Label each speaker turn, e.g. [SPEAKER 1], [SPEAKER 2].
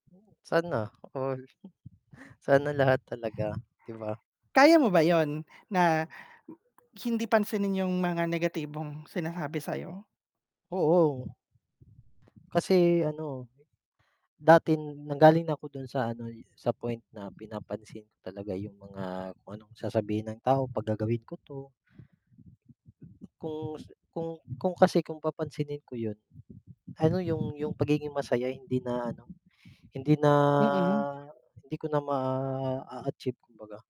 [SPEAKER 1] Oh. Sana all. Sana lahat talaga, 'di ba?
[SPEAKER 2] Kaya mo ba 'yon,
[SPEAKER 1] Oo.
[SPEAKER 2] na hindi pansinin 'yong mga negatibong sinasabi sa'yo?
[SPEAKER 1] Oo. Kasi ano, dati nanggaling na ako do'n sa ano, sa point na pinapansin ko talaga 'yong mga kung anong sasabihin ng tao 'pag gagawin ko 'to. Kung s kung kung kasi kung papansinin ko 'yon, ano 'yong 'yong pagiging masaya hindi na ano, hindi na
[SPEAKER 2] Mm.
[SPEAKER 1] hindi ko na maa-achieve kumbaga.